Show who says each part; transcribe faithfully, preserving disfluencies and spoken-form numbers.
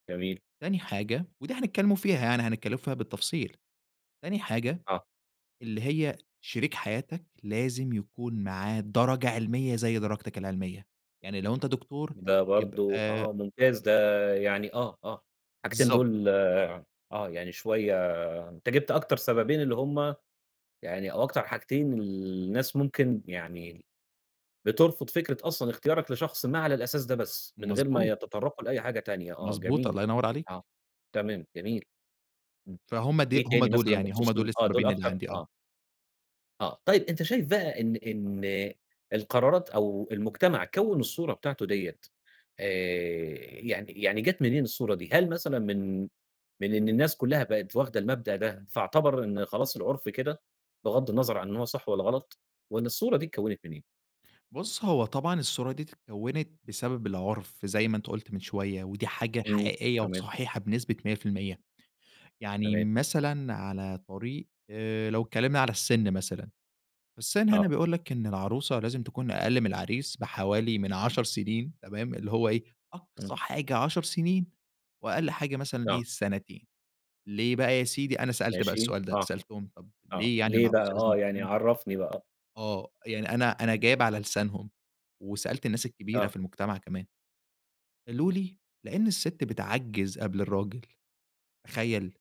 Speaker 1: جميل.
Speaker 2: تاني حاجة وده هنتكلّم فيها يعني، هنتكلّم فيها بالتفصيل. تاني حاجة،
Speaker 1: آه.
Speaker 2: اللي هي شريك حياتك لازم يكون معاه درجة علمية زي درجتك العلمية. يعني لو أنت دكتور
Speaker 1: ده برضه
Speaker 2: يبقى
Speaker 1: آه ممتاز. ده يعني آه، آه. الحاجتين
Speaker 2: بالضبط.
Speaker 1: دول آه. يعني شوية أنت جِبت أكتر سببين اللي هم يعني أو أكتر حاجتين الناس ممكن يعني ال بترفض فكرة أصلًا اختيارك لشخص ما على الأساس ده بس، من غير ما
Speaker 2: مضبوط.
Speaker 1: يتطرّقوا لأي حاجة تانية آه
Speaker 2: مضبوط،
Speaker 1: جميل.
Speaker 2: الله ينوّر عليك.
Speaker 1: آه. تمام، جميل. إمم.
Speaker 2: فهُم دي
Speaker 1: إيه
Speaker 2: هم
Speaker 1: تاني
Speaker 2: دُول،
Speaker 1: مثلًا
Speaker 2: يعني هم
Speaker 1: بخصوص ال
Speaker 2: دُول
Speaker 1: آه. دُول
Speaker 2: السببين اللي
Speaker 1: أكتر
Speaker 2: عندي آه.
Speaker 1: آه. آه. طيب، أنت شايف بقى إن إن القرارات أو المجتمع كوّن الصورة بتاعته ديّة آآ يعني يعني جات منين الصورة دي؟ هل مثلًا من من إن الناس كُلّها بقت واخدة المبدأ ده، فاعتبر إن خلاص العُرف كده، بِِغَض النظر عن إن هو صح والّا غلط وإن الصورة دي اتكوّنت من إيه؟
Speaker 2: بُص، هو طبعًا الصورة دِية اتكوّنت بسبب العُرف زي ما أنت قُلت من شوية ودي حاجة
Speaker 1: إمم.
Speaker 2: حقيقية
Speaker 1: تمام.
Speaker 2: وصحيحة بنسبة مِيَّة في المِيِّة. يعني
Speaker 1: تمام.
Speaker 2: مثلًا على طريق آآ لو اتكلّمنا على السِن مثلًا، السِن هنا
Speaker 1: آه.
Speaker 2: بيقول لك إن العروسة لازم تكون أقَل من العريس بحوالي من عَشَر سنين تمام؟ اللي هو إيه،
Speaker 1: إمم.
Speaker 2: أقصى حاجة عَشَر سنين وأقَل حاجة مثلًا إيه،
Speaker 1: آه.
Speaker 2: سنتين. ليه بقى يا سيدي؟ أنا سألت بقى
Speaker 1: ماشي.
Speaker 2: السؤال ده،
Speaker 1: صح.
Speaker 2: سألتهم، طب
Speaker 1: آه.
Speaker 2: ليه يعني
Speaker 1: ليه بقى
Speaker 2: العروسة لازم
Speaker 1: آه. يعني
Speaker 2: تكون
Speaker 1: عرّفني بقى؟
Speaker 2: آه. يعني أنا أنا جايب على لسانهم وسألت الناس الكبيرة
Speaker 1: آه.
Speaker 2: في المجتمع كمان، قالوا لي: "لإن السِت بتعجّز قبل الراجل." تخيل؟!